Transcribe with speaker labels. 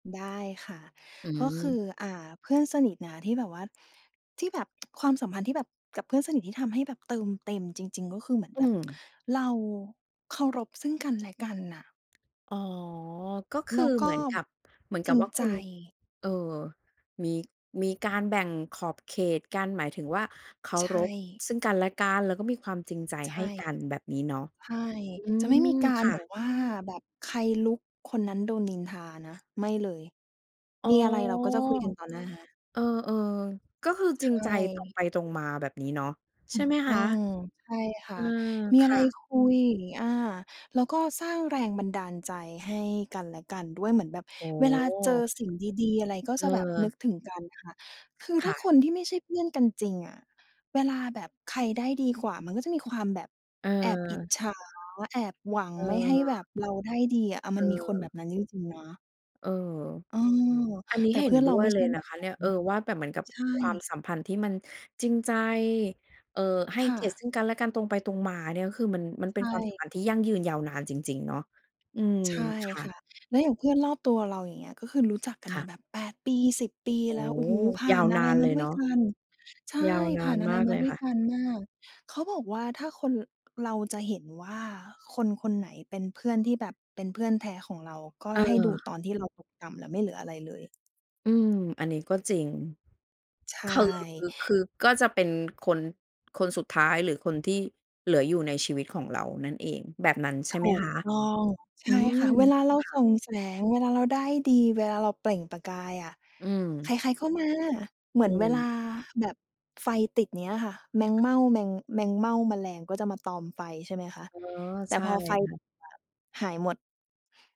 Speaker 1: ได้ค่ะ
Speaker 2: อื
Speaker 1: ก็ค
Speaker 2: ม
Speaker 1: ือ อ่า เพื่อนสนิทนะที่แบบว่า ที่แบบ ความสัมพันธ์ที่แบบ กับเพื่อนสนิทที่ทำให้แบบเติมเต็มจริง ๆ ก็คือเหมือน
Speaker 2: อื
Speaker 1: แบบ
Speaker 2: ม
Speaker 1: เราเคารพซึ่งกันและกันน่ะ
Speaker 2: อ๋อ ก็ค
Speaker 1: แล
Speaker 2: ือ
Speaker 1: ้วก
Speaker 2: เหม
Speaker 1: ็
Speaker 2: ือนกับ เหมือน
Speaker 1: จ
Speaker 2: กั
Speaker 1: ริ
Speaker 2: บ
Speaker 1: ง
Speaker 2: ว่าค
Speaker 1: ใ
Speaker 2: ุ
Speaker 1: จ
Speaker 2: ณ เอ่อ มี มีการแบ่งขอบเขตกัน หมายถึงว่าเคา
Speaker 1: ใช
Speaker 2: รพ
Speaker 1: ่
Speaker 2: ซึ่งกันและกัน แล้วก็มีความจริงใจ
Speaker 1: ใช
Speaker 2: ให้
Speaker 1: ่
Speaker 2: กัน แบบนี้เนาะ
Speaker 1: ใช่
Speaker 2: อื
Speaker 1: จะไม่มี
Speaker 2: ม
Speaker 1: กา
Speaker 2: ค
Speaker 1: ร
Speaker 2: ่
Speaker 1: แบ
Speaker 2: ะ
Speaker 1: บว่า แบบใครลุกคนนั้นโดนนินทานะ ไม่เลย
Speaker 2: อ๋
Speaker 1: ม
Speaker 2: อ
Speaker 1: ีอะไรเราก็จะคุยกันต่อหน้า
Speaker 2: เออ ๆ ก็คือจร
Speaker 1: ใช
Speaker 2: ิงใจ ตรง
Speaker 1: ่
Speaker 2: ไปตรงมา แบบนี้เนาะ
Speaker 1: ถ
Speaker 2: ใช
Speaker 1: ู
Speaker 2: ่
Speaker 1: ก
Speaker 2: ไหม
Speaker 1: ต
Speaker 2: ค
Speaker 1: ้
Speaker 2: ะ?
Speaker 1: อง ใช่ค
Speaker 2: เอ
Speaker 1: ่
Speaker 2: อ
Speaker 1: ะ มี
Speaker 2: ค
Speaker 1: อะไ
Speaker 2: ่
Speaker 1: ร
Speaker 2: ะ
Speaker 1: คุย อา แล้วก็สร้างแรงบันดาลใจให้กันและกันด้วย เหมือนแบบ
Speaker 2: โอ้
Speaker 1: เวลา
Speaker 2: โฮ
Speaker 1: เจอสิ่งดี ๆ อะไร ก็
Speaker 2: เอ
Speaker 1: จะแบบนึ
Speaker 2: อ
Speaker 1: กถึงกันค่ะ คือ
Speaker 2: ค
Speaker 1: ถ้
Speaker 2: ่
Speaker 1: าค
Speaker 2: ะ
Speaker 1: นที่ไม่ใช่เพื่อนกันจริงอะ เวลาแบบใครได้ดีกว่ามันก็จะมีความแบบแอบอิจ
Speaker 2: เออ
Speaker 1: ฉา แอบหวัง
Speaker 2: เ
Speaker 1: ไม่ให้แบ
Speaker 2: ออ
Speaker 1: บเราได้ดีอะ อา มันมีคนแบ
Speaker 2: เออ
Speaker 1: บนั้นจริง ๆ นะ
Speaker 2: เออ
Speaker 1: เออ
Speaker 2: อันนี้
Speaker 1: แต่
Speaker 2: เห็
Speaker 1: เพื
Speaker 2: น
Speaker 1: ่อน
Speaker 2: ด
Speaker 1: เ
Speaker 2: ้
Speaker 1: รา
Speaker 2: ว
Speaker 1: ไ
Speaker 2: ย
Speaker 1: ม่
Speaker 2: เล
Speaker 1: ใช
Speaker 2: ย
Speaker 1: ่
Speaker 2: น
Speaker 1: แบ
Speaker 2: ะ
Speaker 1: บ
Speaker 2: คะ
Speaker 1: น
Speaker 2: เน
Speaker 1: ั
Speaker 2: ี
Speaker 1: ้
Speaker 2: ่ย
Speaker 1: น
Speaker 2: เออ ว่าแบบเหมือนกับ
Speaker 1: ใช่
Speaker 2: ความสัมพันธ์ที่มันจริงใจ เอ่อ ให้
Speaker 1: ค่
Speaker 2: เกียร
Speaker 1: ะ
Speaker 2: ติซึ่งกันและกัน ตรงไปตรงมาเนี่ย ก็คือมัน มันเป
Speaker 1: ใ
Speaker 2: ็
Speaker 1: ช
Speaker 2: นความส
Speaker 1: ่
Speaker 2: ัมพันธ์ที่ยั่งยืนยาวนานจริง ๆ เนาะ อืม
Speaker 1: ใช่
Speaker 2: ค่
Speaker 1: ค่
Speaker 2: ะ
Speaker 1: ะ แล้วอย่างเพื่อนรอบตัวเรา อย่างเงี้ย ก็คือรู้จักกั
Speaker 2: ค
Speaker 1: น
Speaker 2: ่
Speaker 1: ม
Speaker 2: ะ
Speaker 1: าแบบ 8 ปี 10 ปี
Speaker 2: โอ้
Speaker 1: แล้ว โอ
Speaker 2: โฮ
Speaker 1: ้โฮ ผ่
Speaker 2: ย
Speaker 1: า
Speaker 2: าว
Speaker 1: นอ
Speaker 2: น
Speaker 1: ะไร
Speaker 2: านเ
Speaker 1: ม
Speaker 2: ล
Speaker 1: า
Speaker 2: ย
Speaker 1: ด้ว
Speaker 2: เน
Speaker 1: ย
Speaker 2: าะ
Speaker 1: กัน ใช่
Speaker 2: ยาวน
Speaker 1: ผ
Speaker 2: า
Speaker 1: ่า
Speaker 2: น
Speaker 1: นอะไ
Speaker 2: ม
Speaker 1: ร
Speaker 2: าก
Speaker 1: ม
Speaker 2: เ
Speaker 1: า
Speaker 2: ลย
Speaker 1: ด้วย
Speaker 2: ค่ะ
Speaker 1: กันมาก เขาบอกว่าถ้าคน เราจะเห็นว่าคนคนไหนเป็นเพื่อนที่แบบเป็นเพื่อนแท้ของเรา ก็ให้ดูต
Speaker 2: เออ
Speaker 1: อนที่เราตกต่ำแล้วไม่เหลืออะไรเลย
Speaker 2: อืม อันนี้ก็จริง
Speaker 1: ใช
Speaker 2: คือ
Speaker 1: ่
Speaker 2: คือก็จะเป็นคน คนสุดท้าย หรือคนที่เหลืออยู่ในชีวิตของเรานั่นเอง แบบนั้นใช่
Speaker 1: ถ
Speaker 2: ไหม
Speaker 1: ู
Speaker 2: ค
Speaker 1: ก
Speaker 2: ะ?
Speaker 1: ต้อง ใช
Speaker 2: อื
Speaker 1: ่ค
Speaker 2: ม
Speaker 1: ่ะ เวลาเรา
Speaker 2: ค่
Speaker 1: ส่
Speaker 2: ะ
Speaker 1: องแสง เวลาเราได้ดี เวลาเราเปล่งประกายอะ
Speaker 2: อื
Speaker 1: ใค
Speaker 2: ม
Speaker 1: ร ๆ ก็มา เหมื
Speaker 2: อ
Speaker 1: อน
Speaker 2: ื
Speaker 1: เวลา
Speaker 2: ม
Speaker 1: แบบไฟติดนี้อะค่ะ แมงเม่า แมง แมงเม่า แมลงก็จะมาตอมไฟ ใช่ไหมคะ
Speaker 2: อ๋อ
Speaker 1: แต่
Speaker 2: ใช่
Speaker 1: พอไฟ
Speaker 2: ค่ะ
Speaker 1: ดับ หายหมด